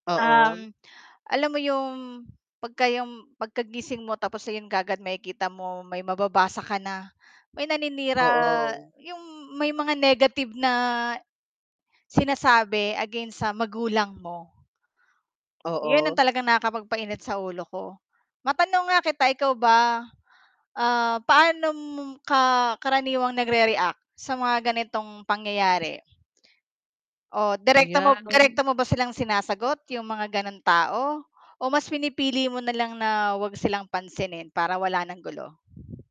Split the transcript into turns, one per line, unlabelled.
Oo.
Um, alam mo yung 'pagka 'yong pagkagising mo tapos ayan kaagad makikita mo, may mababasa ka na may naninira
Oo.
yung may mga negative na sinasabi against sa magulang mo. 'Yon ang
Oo.
talagang nakapagpainit sa ulo ko. Matanong nga kita ikaw ba, ah, paano mom ka karaniwang nagre-react sa mga ganitong pangyayari? O direkto mo
Ayan.
direkto mo ba silang sinasagot yung mga ganong tao, o mas pinipili mo nalang na 'wag silang pansinin para wala nang gulo?